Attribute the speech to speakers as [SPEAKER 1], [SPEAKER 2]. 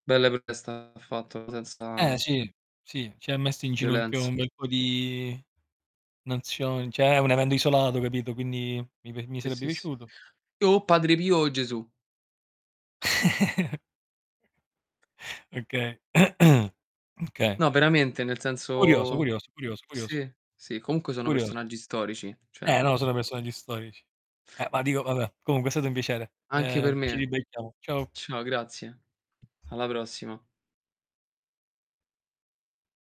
[SPEAKER 1] Bella perché è stato fatto
[SPEAKER 2] Eh
[SPEAKER 1] senza
[SPEAKER 2] sì, sì, ci ha messo in ginocchio
[SPEAKER 1] violenz
[SPEAKER 2] un bel po' di nazioni. Cioè, è un evento, isolato, capito, quindi mi p mi
[SPEAKER 1] Sì,
[SPEAKER 2] sarebbe
[SPEAKER 1] sì, s
[SPEAKER 2] piaciuto.
[SPEAKER 1] o Padre Pio o Gesù.
[SPEAKER 2] Okay. Okay.
[SPEAKER 1] No, veramente, nel
[SPEAKER 2] Curioso,
[SPEAKER 1] senso
[SPEAKER 2] curioso, curioso, curioso.
[SPEAKER 1] sì, sì comunque sono
[SPEAKER 2] Curioso.
[SPEAKER 1] personaggi storici, cioè.
[SPEAKER 2] Eh, no, solo personaggi storici. Eh, ma dico vabbè, comunque è stato un piacere.
[SPEAKER 1] Anche per
[SPEAKER 2] Ehm, ci
[SPEAKER 1] me.
[SPEAKER 2] ribecchiamo. Ciao.
[SPEAKER 1] Ciao, grazie. Alla prossima.